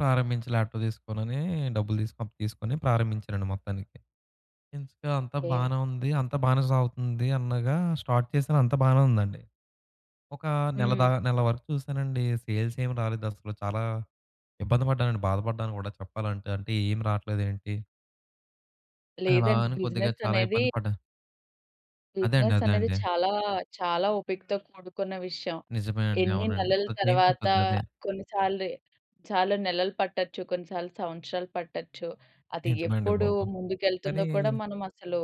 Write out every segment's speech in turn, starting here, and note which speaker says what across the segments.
Speaker 1: ప్రారంభించి ల్యాప్‌టాప్ తీసుకోనని డబ్బులు తీసుకొని తీసుకొని ప్రారంభించానండి మొత్తానికి. ఇంక అంతా
Speaker 2: ఓకె.
Speaker 1: బాగానే ఉంది, అంతా బాగానే సాగుతుంది అనగా స్టార్ట్ చేసాను. అంతా బానే ఉందండి. ఒక నెల
Speaker 2: హ్మ్.
Speaker 1: దా నెల వరకు చూసానండి. సేల్స్ ఏం రాలేదు అసలు. చాలా ఇబ్బంది పడ్డానండి బాధపడ్డాను గూడా చెప్పాలంటే అంటే ఏం రాట్లేదు ఏంటి అలా
Speaker 2: లేదండి.
Speaker 1: అని కొద్దిగా
Speaker 2: బిజినెస్
Speaker 1: చాలా
Speaker 2: అనేది...
Speaker 1: ఇబ్బంది పడ్డాను. అదే అండి.
Speaker 2: బిజినెస్
Speaker 1: అదే
Speaker 2: అనేది
Speaker 1: అండి.
Speaker 2: చాలా, చాలా ఓపికతో కూడుకున్న విషయం.
Speaker 1: నిజమేనండి.
Speaker 2: ఎన్ని
Speaker 1: అవునండి.
Speaker 2: నెలల
Speaker 1: కొద్ది టైమ్
Speaker 2: తర్వాత
Speaker 1: పట్టుద్దదే.
Speaker 2: కొన్ని సార్లు, చాలా నెలలు పట్టొచ్చు. కొన్నిసార్లు సంవత్సరాలు పట్టొచ్చు. అది
Speaker 1: నిజమే అండి
Speaker 2: ఎప్పుడు
Speaker 1: బాబు!
Speaker 2: ముందుకెళ్తుందో
Speaker 1: కానీ
Speaker 2: కూడా మనమసలు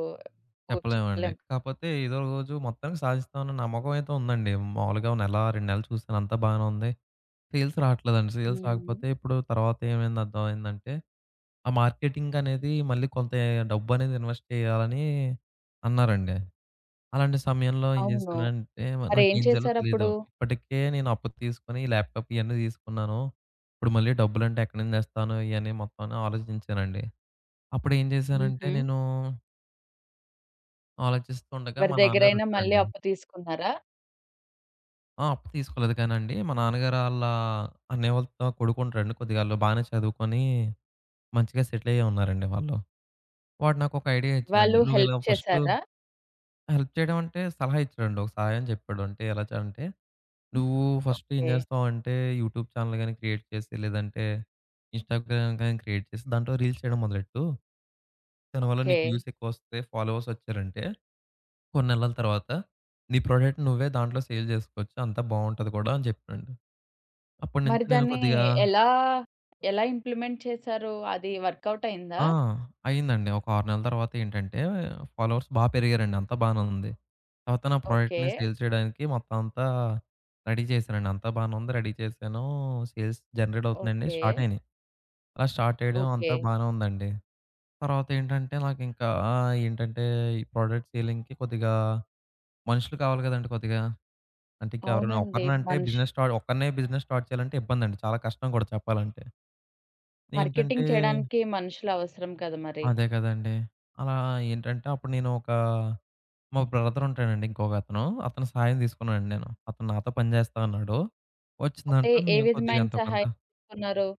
Speaker 1: చెప్పలేమండి.
Speaker 2: చెప్పలేం.
Speaker 1: కాకపోతే ఎదో రోజు మొత్తానికి సాధిస్తాం అన్న నమ్మకం అయితే ఉందండి. మాములుగా నెల, 2 నెల్లు చూసాను అంతా బాగానే ఉంది. సేల్స్ రాట్లేదండి. సేల్స్
Speaker 2: హ్మ్.
Speaker 1: రాకపోతే ఇప్పుడు తర్వాత ఏమైంది అర్థమైందంటే, ఆ మార్కెటింగ్ అనేది మళ్ళీ కొంత ఎ డబ్బు అనేది ఇన్వెస్ట్ చేయాలని అన్నారండి. అలాంటి సమయంలో ఏం
Speaker 2: అవును.
Speaker 1: జేసానంటే,
Speaker 2: మరేం
Speaker 1: నాకేం చేయాలో తెలియదు.
Speaker 2: చేసారప్పుడు?
Speaker 1: ఇప్పటికే నేను అప్పు తీసుకొని ల్యాప్‌‌టాప్ ఇయన్నీ తీసుకున్నాను. ఇప్పుడు మళ్ళీ డబ్బులంటే ఎక్కడి నుండి తెస్తాను. ఇయన్ని మొత్తం. ఆలోచించానండి అప్పుడు ఏం చేశానంటే
Speaker 2: హుహు.
Speaker 1: నేనూ ఆలోచిస్తుండగా
Speaker 2: ఎవరి
Speaker 1: మా నాన్నగారు
Speaker 2: దగ్గరైనా మళ్ళీ
Speaker 1: వచ్చారండి.
Speaker 2: అప్పు తీసుకున్నారా?
Speaker 1: ఆ! అప్పు తీసుకోలేదు కానండి. మా నాన్నగారు ఆళ్ళ అన్నయ్య వాళ్ళ త కొడుకు ఉంటాడండి. కొద్దిగా ఆళ్ళు బానే చదువుకొని మంచిగా సెటిల్ అయ్యే ఉన్నారండి వాళ్ళు. వాడు నాకొక ఐడియా ఇచ్చాడండి.
Speaker 2: వాళ్ళు
Speaker 1: నువ్వు ఇలా
Speaker 2: హెల్ప్
Speaker 1: ఫస్ట్
Speaker 2: చేసారా?
Speaker 1: హెల్ప్ చేయడం అంటే సలహా ఇచ్చాడండి ఒక సహాయం చెప్పాడు. అంటే ఎలా చ అంటే, నువ్వు ఫస్ట్ ఏం
Speaker 2: ఓకె.
Speaker 1: జేస్తావంటే యూట్యూబ్ చానెల్ గాని క్రియేట్ చేసి లేదంటే ఇన్‌‌స్టాగ్రామ్ గాని క్రియేట్ చేసి, దాంట్లో రీల్స్ చేయడం మొదలెట్టు. దానివల్ల నీకు
Speaker 2: ఓకె.
Speaker 1: వ్యూస్ ఎక్కువ వస్తే, ఫాలోవర్స్ వచ్చారంటే, కొన్ని నెలల తరువాత నీ ప్రొడక్ట్‌ని నువ్వే దాంట్లో సేల్ జేసుకోవచ్చు. అంతా బావుంటది కూడా అని చెప్పాడు.
Speaker 2: మరి
Speaker 1: అప్పటినుంచి నేను
Speaker 2: దాన్ని
Speaker 1: కొద్దిగా
Speaker 2: ఎలా, ఎలా ఇంప్లిమెంట్ చేసారు? అది వర్కౌట్ అయిందా?
Speaker 1: ఆ! అయిందండి. ఒక 6 నెలల తర్వాత ఏంటంటే ఫాలోవర్స్ బా పెరిగారండి. అంతా బానే ఉంది. తర్వాత నా
Speaker 2: ఓకే.
Speaker 1: ప్రొడక్ట్‌ని సేల్ చేయడానికి మొత్తం అంతా రెడీ చేసానండి. అంతా బాగానే ఉంది రెడీ చేసానూ. సేల్స్ జనరేట్ అవుతున్నాయండి. Start
Speaker 2: okay.
Speaker 1: అయినాయి. అలా స్టార్ట్ చేయడం
Speaker 2: ఓకె.
Speaker 1: అంతా బానే ఉందండి. తర్వాతేంటంటే నాకింకా ఆ! ఏంటంటే ఈ ప్రొడక్ట్ సేలింగ్‌కి కొద్దిగా మనుషులు కావాలి గదండీ కొద్దిగా. అంటే ఇంకెవరైనా
Speaker 2: అవునండి.
Speaker 1: ఒకడినే అంటే
Speaker 2: మనుషు
Speaker 1: బిజినెస్ స్టార్ట్ ఒక్కన్నే బిజినెస్ స్టార్ట్ చేయాలంటే ఇబ్బందండి. చాలా కష్టం గూడా చెప్పాలంటే. ఏంటంటే
Speaker 2: మార్కెటింగ్ చేయడానికి మనుషులు అవసరం కదా మరి.
Speaker 1: అదే కదండీ! అలా ఏంటంటే అప్పుడు నేను ఒకా మా బ్రదర్ ఉంటాడండి ఇంకొక అతను. అతని సాయం తీసుకున్నానండి నేను. అతను నాతో పని జేస్తా అన్నాడు.
Speaker 2: అంటే
Speaker 1: వచ్చిందాంట్లో
Speaker 2: ఏ
Speaker 1: మేము కొద్దిగా
Speaker 2: విధమైన
Speaker 1: ఎంతో
Speaker 2: సహాయం
Speaker 1: కొంత
Speaker 2: తీసుకున్నారు?